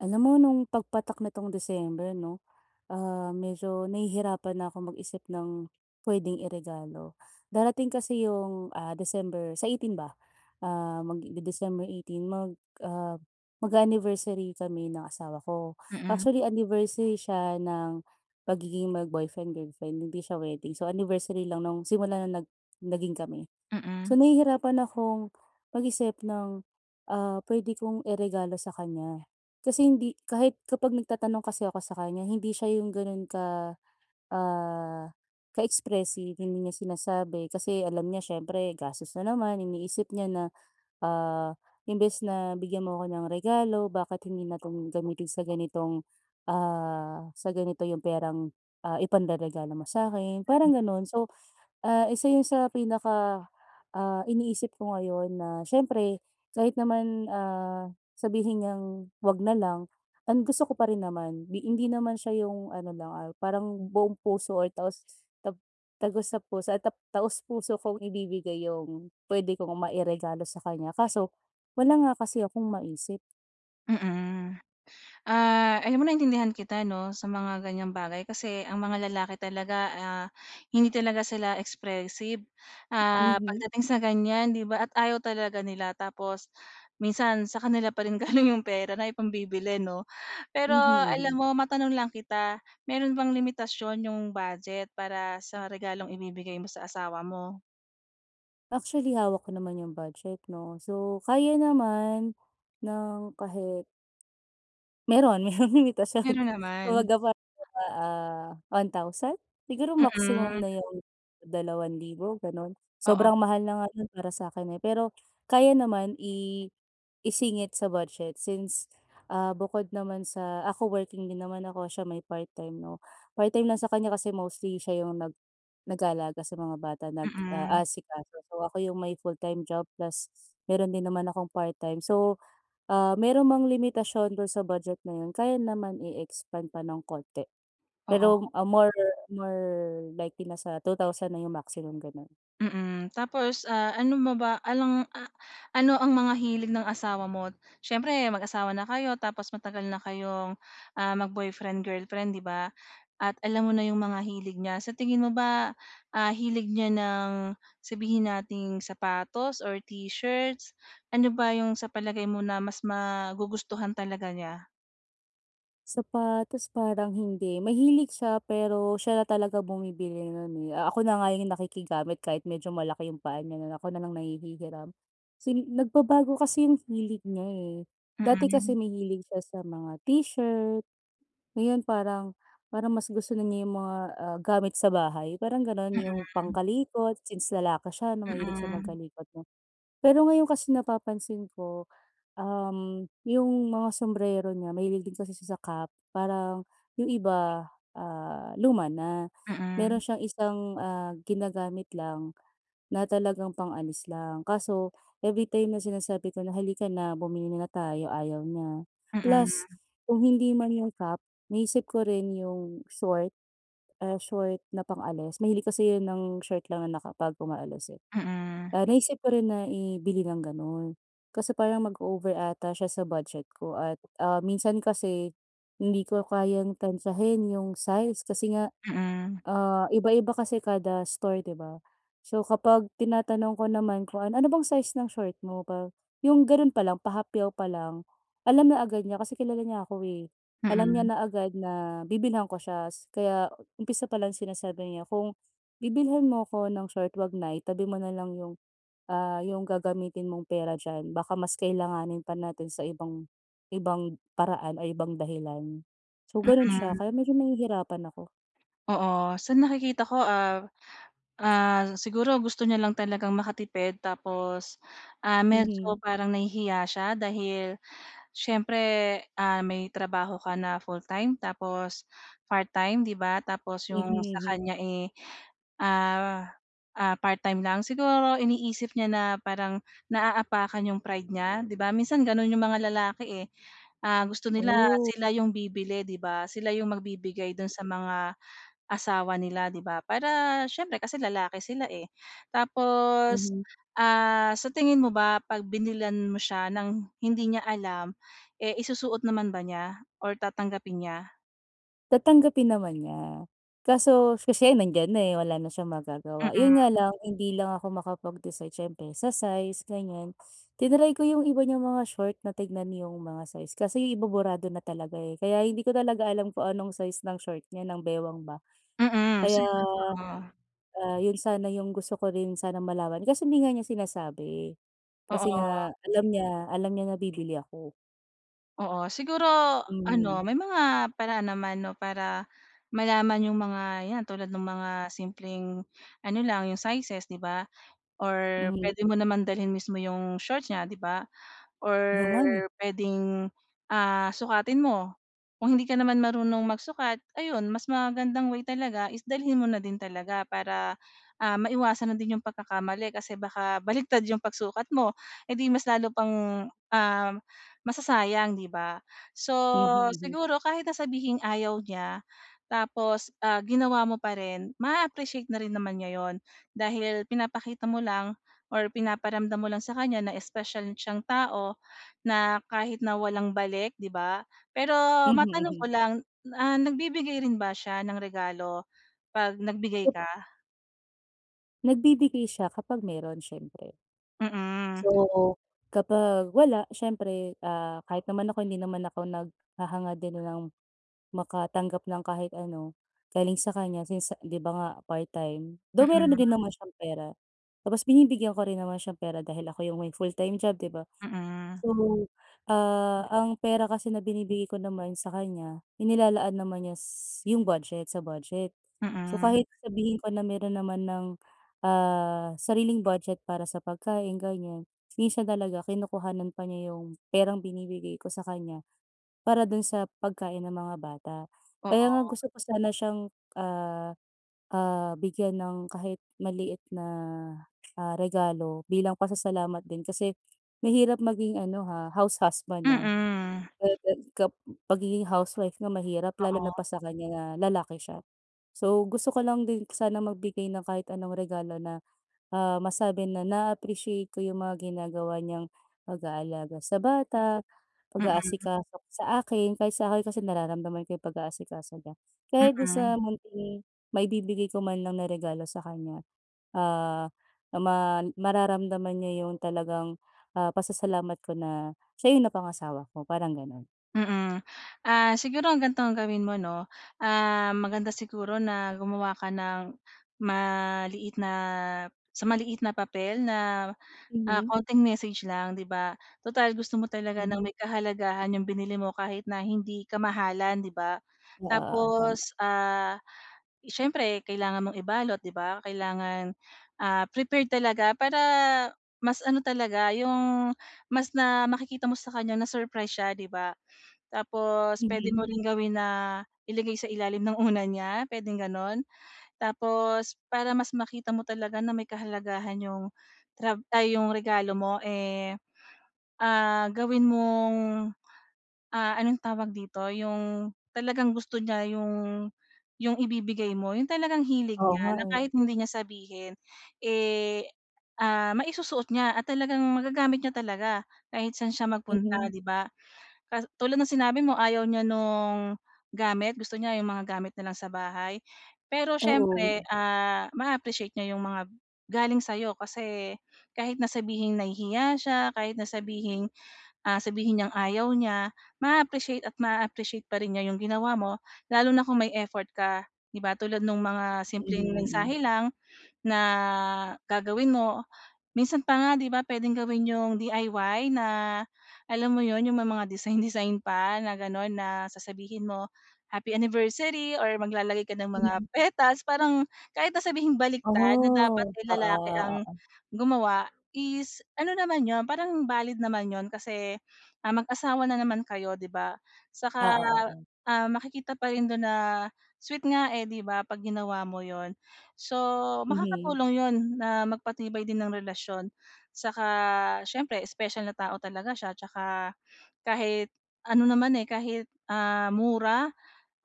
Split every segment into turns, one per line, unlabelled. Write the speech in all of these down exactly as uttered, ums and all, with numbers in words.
Alam mo no'ng pagpatak nitong December 'no, ah, medyo nahihirapan na akong mag-isip ng puwedeng iregalo. Darating kasi yung, ah, December sa eighteen ba, ah, mag de December eighteen mag ah, mag-a-anniversary kami ng asawa ko.
Mm.
Actually anniversary siya nang pagiging mag-boyfriend-girlfriend hindi siya wedding, so anniversary lang no'ng, simula no'ng nag naging kami. So
Mm.
nahihirapan akong mag-isip ng, ah, pwede kong iregalo sa kanya kasi hindi kahit kapag nagtatanong kasi ako sa kanya hindi siya yung gano'n ka, ah, ka-expressive, hindi niya sinasabi kasi alam niya siyempre gastos na naman iniisip niya na, ah, "Imbes na bigyan mo ako ng regalo, bakit hindi na 'tong gamitin sa ganitong, ah, sa ganito 'yong perang, ah, ipanreregalo mo sa'kin" parang gano'n. So, ah, isa 'yon sa pinaka, ah, iniisip ko ngayon na siyempre kahit naman, ah, sabihin niyang 'wag na lang ang gusto ko pa rin naman. Di hindi naman siya yung ano lang, ah, parang buong puso ay taos, ta tagos sa puso ay taos-puso kong ibibigay yung pwede kong mairegalo sa kanya kaso wala nga kasi akong maisip.
Mm. Ah, alam mo, naintindihan kita 'no. Sa mga ganyang bagay kasi ang mga lalaki talaga, ah, hindi talaga sila expressive, ah,
Mhm.
pagdating sa ganyan, 'di ba? At ayaw talaga nila tapos minsan, sa kanila pa rin galing 'yong pera na ipambibili, 'no? Pero
Mhm,
alam
mhm.
mo, matanong lang kita, meron bang limitasyon 'yong budget para sa regalong ibibigay mo sa asawa mo?
Actually, hawak ko naman 'yung budget, 'no. So, kaya naman ng kahit Meron, merong limitasyon.
Meron naman.
Kumbaga, parang ano ba, ah, one thousand? Siguro, maximum
Mm.
na 'yong dalawang libo, gano'n.
Oo.
Sobrang mahal na nga 'yon para sa akin, eh, pero, kaya naman i i isingit sa budget since, ah, bukod naman sa ako working din naman ako, siya may part-time, no? Part-time lang sa kanya kasi mostly siya 'yong nag nag-aalaga sa mga bata,
Mm.
nag-aasikaso. So, ako 'yung may full-time job plus meron din naman akong part-time. So, ah, meron mang limitasyon do'n sa budget na 'yon, kaya naman i-expand pa ng konti.
Oo.
Pero, ah, more more likely nasa two thousand na 'yong maximum, gano'n.
Mm, tapos, ah, ano mo ba, along ah, ano ang mga hilig ng asawa mo? Siyempre, mag-asawa na kayo, tapos matagal na kayong, ah, mag boyfriend-girlfriend, 'di ba? At alam mo na 'yong mga hilig niya, sa tingin mo ba, ah, hilig niya ng sabihin nating sapatos or t-shirts. Ano ba 'yong sa palagay mo na, mas magugustuhan talaga niya?
Sapatos? Parang hindi, mahilig siya pero, siya na talaga bumibili nun, eh, a ako na nga yung nakikigamit kahit medyo malaki 'yong paa niya na ako na lang nanghihigiram. Sin nagbabago kasi 'yong hilig niya, eh, dati kasi
Mm.
mahilig siya sa mga t-shirt, ngayon parang parang mas gusto na niya 'yong mga, ah, gamit sa bahay, parang gano'n, 'yong
Mm.
pangkalikot, since lalaki siya, na mahilig siya
Mm.
magkalikot, 'no? Pero ngayon kasi napapansin ko, uhm, 'yong mga sumbrero niya, mahilig din kasi siya sa cap, parang 'yong iba, ah, luma na.
Mm.
Meron siyang isang, ah, ginagamit lang, na talagang pang-alis lang, kaso, every time na sinasabi ko na, "Hali ka na, bumili muna tayo", ayaw niya. Plus,
Mm.
kung hindi man yung cap, naisip ko rin 'yong short, ah, short na pang-alis. Mahilig kasi yun ng short lang, na kapag umaalis, eh.
Mm.
Ah, naisip ko rin na ibili ng ganun, kasi parang, mag-over ata siya sa budget ko, at, ah, minsan kasi, hindi ko kayang tantiyahin, 'yong size, kasi nga,
Mm.
ah, iba-iba kasi kada store, 'di ba? So, kapag tinatanong ko naman kung ano, "Ano bang size ng short mo pa?" 'Yong gano'n pa lang, pahapyaw pa lang, alam na agad niya, kasi kilala niya ako, eh. Alam niya
Mm.
na agad na, bibilhan ko siya s kaya umpisa pa lang sinasabi niya, "Kung, bibilhan mo ako ng short, huwag na, itabi mo na lang 'yong ah, 'yong gagamitin mong pera diyan, baka mas kailanganin pa natin sa ibang, ibang paraan, o ibang dahilan." So, gano'n siya,
Mm.
kaya medyo nahihirapan ako.
Oo, sa nakikita ko, ah, ah, siguro gusto niya lang talagang makatipid, tapos, ah, medyo
Mhm.
parang nahihiya siya dahil, siyempre, ah, may trabaho ka na full-time, tapos part-time, 'di ba? Tapos
Mhm,
'yong sa
hmm.
kanya, eh, ah, ah, part-time lang. Siguro, iniisip niya na, parang naapakan 'yong pride niya, 'di ba? Minsan, gano'n 'yong mga lalaki, eh, ah gusto nila,
Oh.
sila 'yong bibili, 'di ba? Sila, 'yong magbibigay do'n sa mga, asawa nila, 'di ba? Para, syempre kasi lalaki sila, eh, tapos,
Mhm.
ah, sa tingin mo ba pag binilhan mo siya, ng hindi niya alam, eh, isusuot naman ba niya, or tatanggapin niya?
Tatanggapin naman niya, kaso kashi nandiyan na, eh, wala na siyang magagawa,
Mm.
'yon nga lang hindi lang ako makapag-decide siyempre sa size ganyan. Tinry ko 'yong iba niyang mga short na tignan 'yong mga size kasi yung iba burado na talaga, eh. Kaya hindi ko talaga alam kung anong size ng short niya, ng baywang ba.
Mm.
Kaya,
Sige, oo.
ah, 'yon sana yung gusto ko rin sana malaman kasi hindi nga niya sinasabi. Kasi
Oo.
nga alam niya alam niya na bibili ako.
Oo siguro, ano
Mhm.
may mga paraan naman, 'no, para malaman 'yong mga 'yan tulad ng mga simpleng ano lang 'yong sizes, 'di ba, or
Mhm.
puwede mo naman dalhin mismo 'yong shorts niya, 'di ba, or
'Yong nga ni.
puwedeng, ah, sukatin mo. Kung hindi ka naman marunong magsukat ayun mas magandang way talaga is dalhin mo na din talaga para, ah, maiwasan na din 'yong pagkakamali kasi baka baliktad 'yong pagsukat mo, eh, di mas lalo pang, ah, masasayang, 'di ba? So,
Mhm, mhm.
siguro kahit sabihing ayaw niya tapos, ah, ginawa mo pa rin ma-a-appreciate na rin naman niya 'yon dahil pinapakita mo lang or pinaparamdam mo lang sa kanya na special siyang tao na kahit na walang balik, 'di ba? Pero
Mhm,
matanong ko
mhm.
lang, ah, nagbibigay rin ba siya ng regalo 'pag nagbigay
Ket
ka?
Nagbibigay siya kapag meron siyempre.
Mhm.
So, kapag wala, siyempre, ah, kahit naman ako, hindi naman ako naghahangad din ng makatanggap ng kahit ano galing sa kanya since 'di ba nga, part-time. Though meron na
Mhm.
din naman siyang pera. Tapos binibigyan ko rin naman siyang pera dahil ako 'yong may full-time job, 'di ba?
Mhm.
So, ah, ang pera kasi na binibigay ko naman sa kanya, inilalaan naman niya s yung budget, sa budget. So,
Mhm.
kahit sabihin ko na meron naman ng, ah, sariling budget para sa pagkain, ganyan. Minsan talaga kinukuhanan pa niya yung perang binibigay ko sa kanya para dun sa pagkain ng mga bata. Kaya nga
Oo.
gusto ko sana siyang, ah, ah, bigyan ng kahit maliit na, ah, regalo bilang pasasalamat din kasi mahirap maging ano, ha, house husband, ah.
Mhm.
Pagiging housewife nga mahirap lalo na
Oo.
pa sa kanya na lalaki siya. So, gusto ko lang din sana magbigay ng kahit anong regalo na, ah, masabi na na-a-appreciate ko 'yong mga ginagawa niyang pag-aalaga sa bata,
Mhm.
pag-aasikaso sa akin, kahit sa akin kasi nararamdaman ko 'yong pag-aasikaso niya, kaya dun sa
Mhm.
munting maibibigay ko man lang na regalo sa kanya, ah, na ma mararamdaman niya yung talagang, ah, pasasalamat ko na siya yung napangasawa ko, parang ganun.
Mm. Ah, siguro ang ganito ang gawin mo, 'no? Ah, maganda siguro na gumawa ka ng maliit na sa maliit na papel na, ah,
Mhm.
konting message lang, 'di ba? Tutal gusto mo talaga ng
Mhm.
may kahalagahan 'yong binili mo kahit na hindi kamahalan, 'di ba?
Oo, oo, tama.
Tapos, ah, siyempre kailangan mong ibalot, 'di ba? Kailangan, ah, prepared talaga para, mas ano talaga 'yong, mas na makikita mo sa kanya na-surprise siya, 'di ba? Tapos, puwede mo
Mhm.
ring gawin na ilagay sa ilalim ng unan niya, puwedeng gano'n. Tapos, para mas makita mo talaga na may kahalagahan 'yong trab ay 'yong regalo mo, eh, ah, gawin mong, ah, anong tawag dito? 'Yong talagang gusto niya 'yong 'yong ibibigay mo 'yong talagang hilig
Oo
niya,
nga
na
eh.
kahit hindi niya sabihin, eh, ah maisusuot niya at talagang magagamit niya talaga kahit saan siya magpunta,
Mhm.
'di ba? Ka tulad ng sinabi mo, ayaw niya nung, gamit gusto niya yung mga gamit na lang sa bahay. Pero
Oo.
siyempre, ah, maa-appreciate niya 'yung mga galing sa'yo kasi, kahit na sabihing nahihiya siya, kahit na sabihing, ah, sabihin niyang ayaw niya, maa-appreciate at maa-appreciate pa rin niya 'yung ginawa mo lalo na kung may effort ka, 'di ba? Tulad nung mga
Mm,
simpleng
mm.
mensahe lang, na gagawin mo. Minsan pa nga, 'di ba, puwedeng gawin 'yung D-I-Y na, alam mo 'yun, yung may mga design-design pa na gano'n na, sasabihin mo, "Happy Anniversary!" Or maglalagay ka ng mga
Mm.
petals parang, kahit na sabihing
Ah.
baligtad na dapat
Oo,
ay lalaki ang
oo.
gumawa is, ano naman 'yon, parang valid naman 'yon kasi, ah, mag-asawa na naman kayo, 'di ba? Saka,
Oo, oo.
ah, makikita pa rin dun na sweet nga eh, 'di ba, 'pag ginawa mo 'yun. So,
Mhm.
makakatulong 'yun na magpatibay din ng relasyon. Saka siyempre special na tao talaga siya tsaka, kahit ano naman, eh, kahit, ah, mura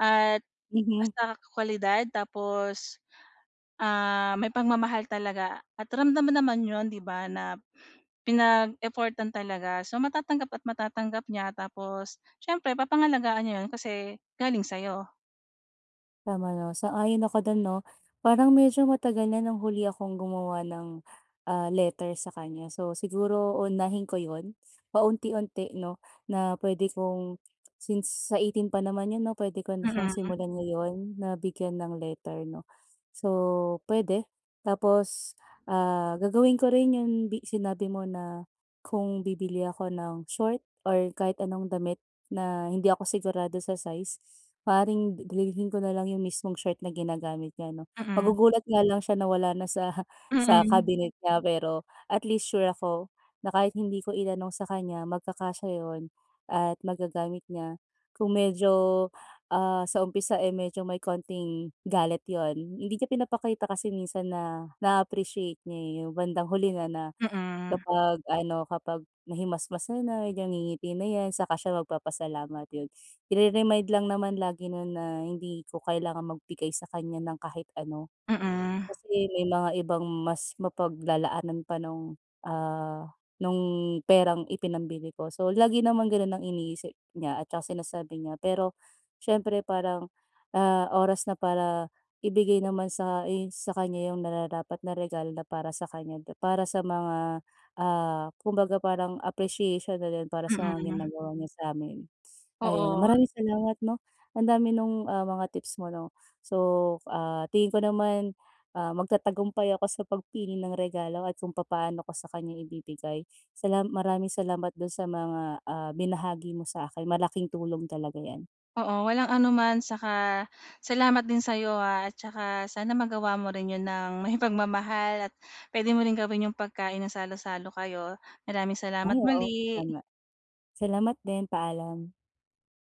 at
Mhm.
basta kwalidad tapos, ah, may pagmamahal talaga. At ramdam mo naman 'yun, 'di ba, na pinag-effortan talaga so matatanggap at matatanggap niya. Tapos, siyempre papangalagaan niya 'yun kasi galing sa'yo.
Tama 'no, sang-ayon ako do'n, 'no? Parang medyo matagal na nang huli akong gumawa ng, ah, letter sa kanya. So, siguro uunahin ko 'yon, paunti-unti, 'no, na puwede kong since sa eighteen pa naman 'yon, 'no? Puwede ko na siyang
Mm.
simulan ngayon na bigyan ng letter, 'no? So, puwede. Tapos, ah, gagawin ko rin yung sinabi mo na kung bibili ako ng short or kahit anong damit na hindi ako sigurado sa size, maaaring dalhin ko na lang yung mismong short na ginagamit niya, 'no.
Mm.
Magugulat nga lang siya na wala na sa sa
Mm.
cabinet niya, pero at least sure ako na kahit hindi ko itanong sa kanya, magkakasya iyon at magagamit niya. Kung medyo, ah, sa umpisa eh medyo may konting galit 'yon, hindi niya pinapakita kasi minsan na naa-appreciate niya eh, yung bandang huli na na
Mm.
kapag ano, kapag nahimasmasan na, ngingiti na 'yan saka siya magpapasalamat, yun. Ire-remind lang naman lagi nun na hindi ko kailangan magbigay sa kanya ng kahit ano.
Mm.
Kasi may mga ibang mas mapaglalaanan pa nung, ah, nung perang ipinambili ko. So, lagi naman ganun ang iniisip niya at sinasabi niya. Pero siyempre parang, ah, oras na para ibigay naman sa i sa kanya yung nararapat na regalo na para sa kanya dib para sa mga, ah, kumbaga parang appreciation na rin para sa mga
Mm.
ginagawa niya sa amin. Ayun,
Oo.
maraming salamat 'no. Ang dami nung, ah, mga tips mo, 'no? So, ah, tingin ko naman, ah, magtatagumpay ako sa pagpili ng regalo at kung papaano ko sa kanya ibibigay. Salam maraming salamat dun sa mga, ah, binahagi mo sa akin. Malaking tulong talaga 'yan.
Oo, walang anuman, saka salamat din sa 'yo ha. At tsaka sana magawa mo rin 'yon nang may pagmamahal, at puwede mo ring gawin yung pagkain ng salo-salo kayo. Maraming
Ay,
salamat
oo,
muli.
tama. Salamat din. Paalam.